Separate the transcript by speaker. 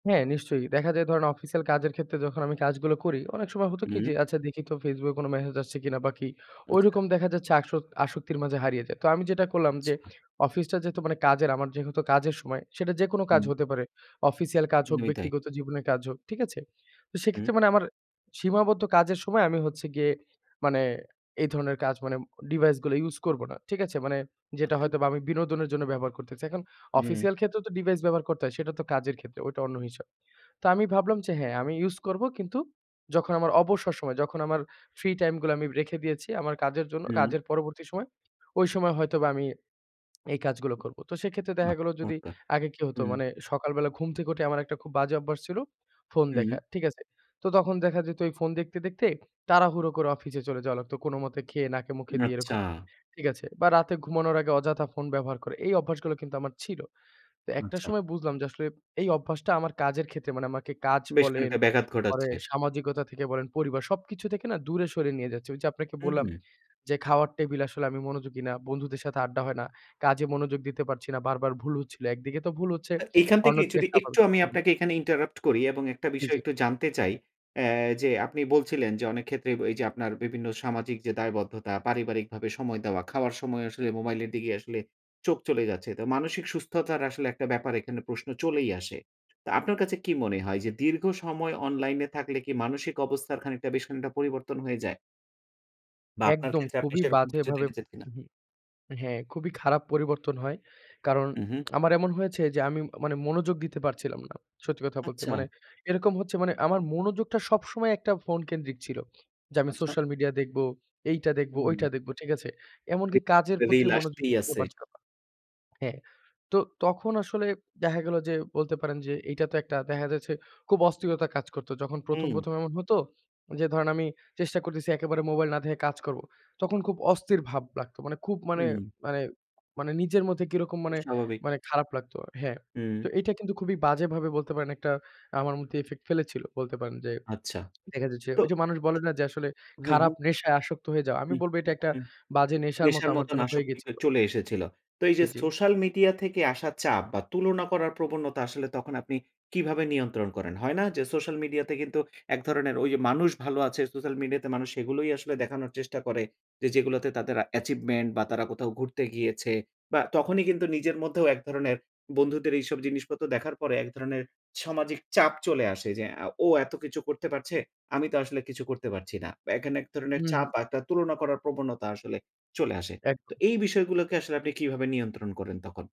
Speaker 1: হ্যাঁ, নিশ্চয়ই দেখা যায় ধরেন অফিসিয়াল কাজের ক্ষেত্রে যখন আমি কাজগুলো করি। অনেক সময় হতো কি,
Speaker 2: হু।
Speaker 1: যে আচ্ছা দেখি তো Facebook এ কোনো মেসেজ আসছে কিনা বা কি
Speaker 2: আচ্ছা।
Speaker 1: ওইরকম দেখা যাচ্ছে আসক আসক্তির মাঝে হারিয়ে যাই। তো আমি যেটা করলাম, যে
Speaker 2: আচ্ছা।
Speaker 1: অফিসটা যেহেতু মানে কাজের আমার যেহেতু কাজের সময়। সেটা যেকোনো কাজ
Speaker 2: হুম।
Speaker 1: হতে পারে। অফিসিয়াল কাজ হোক,
Speaker 2: একদমই তাই।
Speaker 1: ব্যক্তিগত জীবনের কাজ হোক। ঠিক আছে? তো
Speaker 2: হুম।
Speaker 1: সেক্ষেত্রে মানে আমার সীমাবদ্ধ কাজের সময় আমি হচ্ছে গিয়ে মানে এই ধরনের কাজ মানে ডিভাইস গুলো ইউস করব না। ঠিক আছে? মানে যেটা
Speaker 2: আচ্ছা।
Speaker 1: হয়তোবা আমি বিনোদনের জন্য ব্যবহার করতে চাই। এখন
Speaker 2: হুম।
Speaker 1: অফিসিয়াল ক্ষেত্রেও তো ডিভাইস ব্যবহার করতে হয়। সেটা তো কাজের ক্ষেত্রে, ওইটা অন্য হিসাব। তো আমি ভাবলাম যে হ্যাঁ, আমি ইউস করব। কিন্তু যখন আমার অবসর সময়, যখন আমার ফ্রি টাইম গুলো আমি রেখে দিয়েছি। আমার কাজের জন্য,
Speaker 2: হুম।
Speaker 1: কাজের পরবর্তী সময় ওই সময় হয়তোবা আমি এই কাজগুলো করব। তো সেক্ষেত্রে
Speaker 2: আ
Speaker 1: দেখা গেল যদি
Speaker 2: ওকে,
Speaker 1: আগে কি হতো
Speaker 2: হুম।
Speaker 1: মানে সকাল বেলা ঘুম থেকে উঠে আমার একটা খুব বাজে অভ্যাস ছিল ফোন
Speaker 2: হুম।
Speaker 1: দেখা। ঠিক আছে? তো তখন দেখা যেত এই ফোন দেখতে, দেখতে তাড়াহুড়ো করে অফিসে চলে যাওয়া লাগত। কোনোমতে খেয়ে নাকে-মুখে দিয়ে
Speaker 2: আচ্ছা!
Speaker 1: এরকম। ঠিক আছে? বা রাতে ঘুমানোর আগে অযথা ফোন ব্যবহার করে। এই অভ্যাসগুলো কিন্তু আমার ছিল। তো একটা
Speaker 2: আচ্ছা।
Speaker 1: সময় বুঝলাম যে আসলে এই অভ্যাসটা আমার কাজের ক্ষেত্রে। মানে আমাকে কাজ
Speaker 2: বেশ
Speaker 1: বলেন,
Speaker 2: খানিকটা ব্যাঘাত
Speaker 1: পরে
Speaker 2: ঘটাচ্ছে।
Speaker 1: সামাজিকতা থেকে বলেন, পরিবার। সবকিছু থেকে না দূরে সরে নিয়ে যাচ্ছে। ওই যে আপনাকে বললাম।
Speaker 2: হুম।
Speaker 1: যে খাওয়ার টেবিলে আসলে আমি মনোযোগী না। বন্ধুদের সাথে আড্ডা হয় না। কাজে মনোযোগ দিতে পারছি না। বারবার ভুল হচ্ছিল। একদিকে তো ভুল হচ্ছে,
Speaker 2: আ এখান থেকে
Speaker 1: অন্যদিকে
Speaker 2: যদি একটু
Speaker 1: [unintelligible]
Speaker 2: আমি
Speaker 1: হু, হু।
Speaker 2: আপনাকে এখানে ইন্টারাপ্ট করি এবং একটা
Speaker 1: জ্বী,
Speaker 2: বিষয়
Speaker 1: জ্বী।
Speaker 2: একটু জানতে চাই। অ্যাঁ এ যে আপনি বলছিলেন। যে অনেক ক্ষেত্রে ব এইযে আপনার বিভিন্ন সামাজিক যে দায়বদ্ধতা, পারিবারিকভাবে সময় দেওয়া, খাওয়ার সময়ও আসলে মোবাইলের দিকে আসলে চোখ চলেই যাচ্ছে। তো মানসিক সুস্থতার আসলে একটা ব্যাপার এখানে প্রশ্ন চলেই আসে। তা আপনার কাছে কি মনে হয়? যে দীর্ঘ সময় অনলাইন এ থাকলে কি মানসিক অবস্থার খানিকটা বেশ খানিকটা পরিবর্তন হয়ে যায় বা আপনার
Speaker 1: একদম
Speaker 2: ক্ষেত্রে আপনি
Speaker 1: খুবই
Speaker 2: সেরকম কিছু
Speaker 1: বাজেভাবে
Speaker 2: দেখেছেন কিনা?
Speaker 1: হুম, হ্যাঁ খুবই খারাপ পরিবর্তন হয়। কারণ
Speaker 2: উ হু।
Speaker 1: আমার এমন হয়েছে যে আমি মানে মনোযোগ দিতে পারছিলাম না। সত্যি কথা বলতে
Speaker 2: আচ্ছা।
Speaker 1: মানে এরকম হচ্ছে। মানে আমার মনোযোগটা সবসময় একটা ফোন কেন্দ্রিক ছিল যে, "আমি
Speaker 2: আচ্ছা।
Speaker 1: সোশ্যাল মিডিয়া দেখবো, এইটা দেখবো,
Speaker 2: হুম।
Speaker 1: ঐটা দেখব।" ঠিক আছে? এমনকি
Speaker 2: রি
Speaker 1: কাজের
Speaker 2: রিল
Speaker 1: প্রতিও মনোযোগী
Speaker 2: আসতেই
Speaker 1: হতে
Speaker 2: আছে।
Speaker 1: পারছিলাম না। হ্যাঁ, তো তখন আসলে দেখা গেল যে বলতে পারেন যে এইটা তো একটা, দেখা যাচ্ছে খুব অস্থিরতা কাজ করতো। যখন ১ম,
Speaker 2: হুম।
Speaker 1: ১ম এমন হতো। যে ধরেন আমি চেষ্টা করতেছি। একেবারে মোবাইল না দেখে কাজ করব। তখন খুব অস্থির ভাব লাগতো। মানে খুব মানে
Speaker 2: হুম।
Speaker 1: মানে মানে নিজের মধ্যে কিরকম
Speaker 2: খুব
Speaker 1: মানে,
Speaker 2: স্বাভাবিক।
Speaker 1: মানে খারাপ লাগতো। হ্যাঁ,
Speaker 2: হুম।
Speaker 1: তো এইটা কিন্তু খুবই বাজেভাবে বলতে পারেন একটা আমার মধ্যে ইফেক্ট ফেলেছিল। বলতে পারেন যে
Speaker 2: আচ্ছা।
Speaker 1: দেখা যাচ্ছে
Speaker 2: তো
Speaker 1: ঐযে মানুষ বলে না, যে আসলে
Speaker 2: হু, হু।
Speaker 1: খারাপ নেশায় আসক্ত হয়ে যাওয়া। আমি
Speaker 2: হু,
Speaker 1: বলব এটা একটা
Speaker 2: হু।
Speaker 1: বাজে নেশার মতো
Speaker 2: নেশার
Speaker 1: আমার
Speaker 2: মতোন
Speaker 1: জন্য হয়ে
Speaker 2: আশক্তিতে
Speaker 1: গেছিল।
Speaker 2: চলে এসেছিল। তো এইযে
Speaker 1: জ্বী, জ্বী।
Speaker 2: সোশ্যাল মিডিয়া থেকে আসা চাপ বা তুলনা করার প্রবণতা আসলে তখন আপনি কিভাবে নিয়ন্ত্রণ করেন? হয় না, যে সোশ্যাল মিডিয়াতে কিন্তু এক ধরনের ওই মানুষ ভালো আছে। সোশ্যাল মিডিয়াতে মানুষ এগুলোই আসলে দেখানোর চেষ্টা করে। যে যেগুলোতে তাদের অ্যাচিভমেন্ট বা তারা কোথাও ঘুরতে গিয়েছে বা তখনই কিন্তু নিজের মধ্যেও এক ধরনের বন্ধুদের এইসব জিনিসপত্র দেখার পরে এক ধরনের সামাজিক চাপ চলে আসে। যে "ও এত কিছু করতে পারছে, আমি তো আসলে কিছু করতে পারছি না।" এখানে এক ধরনের
Speaker 1: হু,
Speaker 2: চাপ
Speaker 1: হু।
Speaker 2: বা একটা তুলনা করার প্রবণতা আসলে চলে আসে। তো
Speaker 1: একদম।
Speaker 2: এই বিষয়গুলোকে আসলে আপনি কিভাবে নিয়ন্ত্রণ করেন তখন?